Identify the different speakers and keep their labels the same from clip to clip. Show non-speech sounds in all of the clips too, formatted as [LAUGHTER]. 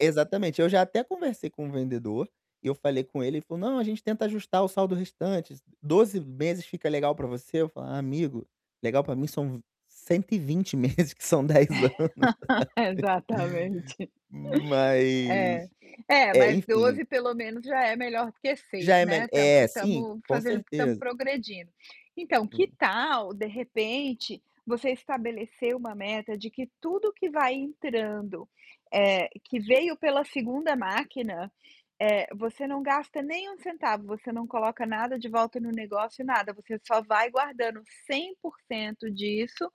Speaker 1: Exatamente. Eu já até conversei com o vendedor e eu falei com ele, ele falou: "Não, a gente tenta ajustar o saldo restante, s 12 meses fica legal pra você?" Eu falo: "Amigo, legal pra mim são v 120 meses, que são 10 anos,
Speaker 2: [LAUGHS]
Speaker 1: sabe".
Speaker 2: Exatamente.
Speaker 1: Mas
Speaker 2: É. É,
Speaker 1: é,
Speaker 2: mas
Speaker 1: enfim
Speaker 2: 12 pelo menos já é melhor do que 6,
Speaker 1: Já é
Speaker 2: né.
Speaker 1: mel
Speaker 2: Estamos
Speaker 1: é, sim,
Speaker 2: estamos
Speaker 1: com
Speaker 2: fazendo estamos
Speaker 1: certeza.
Speaker 2: progredindo. Então, que
Speaker 1: Sim.
Speaker 2: tal, de repente, você estabelecer uma meta de que tudo que vai entrando, eh, que veio pela 2ª máquina, eh, você não gasta nem um centavo, você não coloca nada de volta no negócio, nada. Você só vai guardando 100% disso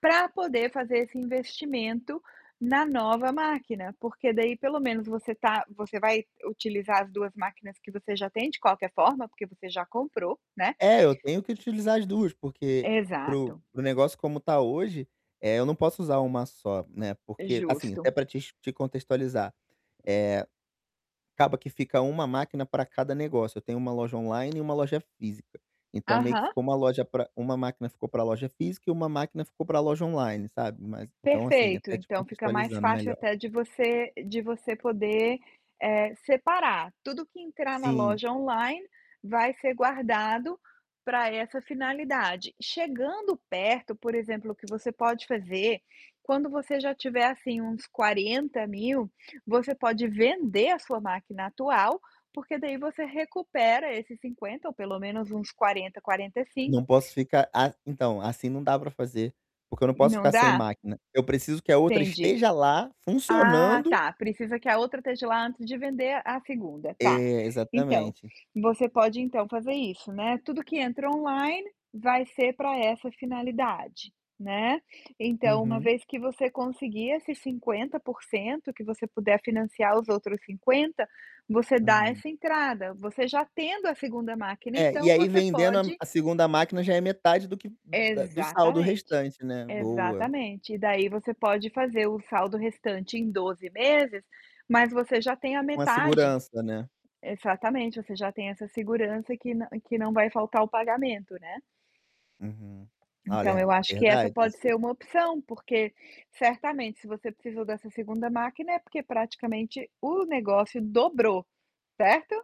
Speaker 2: pra poder fazer esse investimento na nova máquina, porque daí pelo menos você tá você vai utilizar as 2 máquinas que você já tem de qualquer forma, porque você já comprou, né
Speaker 1: É, eu tenho que utilizar as 2, porque para o
Speaker 2: Exato.
Speaker 1: para o negócio como tá hoje eh, eu não posso usar uma só, né, porque, assim,
Speaker 2: Justo.
Speaker 1: até pra te ex te contextualizar, eh, acaba que fica 1 máquina pra cada negócio. Eu tenho 1 loja online e 1 loja física, então meio que
Speaker 2: Aham.
Speaker 1: ficou 1 loja pra 1 máquina ficou pra loja física e 1 máquina ficou pra loja online, sabe. Mas, então, assim,
Speaker 2: Perfeito.
Speaker 1: até te
Speaker 2: Então fica mais
Speaker 1: contextualizando
Speaker 2: fácil
Speaker 1: melhor.
Speaker 2: até de você de você poder, eh, separar. Tudo que entrar na
Speaker 1: Sim.
Speaker 2: loja online vai ser guardado pra essa finalidade. Chegando perto, por exemplo, o que você pode fazer, quando você já tiver, assim, uns 40 mil você pode vender a sua máquina atual, porque daí você recupera esses 50 ou pelo menos uns 40, quarenta e
Speaker 1: Não
Speaker 2: cinco
Speaker 1: posso ficar a então, assim não dá pra fazer, porque eu não posso
Speaker 2: Não
Speaker 1: ficar sem
Speaker 2: dá?
Speaker 1: máquina. Eu preciso que a outra
Speaker 2: Entendi.
Speaker 1: esteja lá
Speaker 2: Ah,
Speaker 1: funcionando
Speaker 2: tá, precisa que a outra esteja lá antes de vender a a 2ª. Tá.
Speaker 1: É,
Speaker 2: Então
Speaker 1: exatamente.
Speaker 2: você pode, então, fazer isso, né, tudo que entra online vai ser pra essa finalidade, né. Então uma
Speaker 1: Uhum.
Speaker 2: vez que você conseguir esses 50% que você puder financiar os outros 50, você dá
Speaker 1: Uhum.
Speaker 2: essa entrada. Você já tendo a 2ª máquina
Speaker 1: É, e
Speaker 2: então
Speaker 1: aí
Speaker 2: você
Speaker 1: vendendo a m
Speaker 2: pode
Speaker 1: a 2ª máquina já é metade do que da do saldo
Speaker 2: Exatamente,
Speaker 1: restante, né. Boa.
Speaker 2: exatamente. E daí você pode fazer o saldo restante em 12 meses, mas você já tem a
Speaker 1: Com a
Speaker 2: metade
Speaker 1: segurança, né.
Speaker 2: exatamente. Você já tem essa segurança que na que não vai faltar o pagamento, né.
Speaker 1: Uhum.
Speaker 2: Então
Speaker 1: Olha,
Speaker 2: eu acho que essa
Speaker 1: verdade,
Speaker 2: pode
Speaker 1: isso
Speaker 2: ser uma opção, porque certamente se você precisou dessa 2ª. máquina é porque praticamente o negócio dobrou, certo?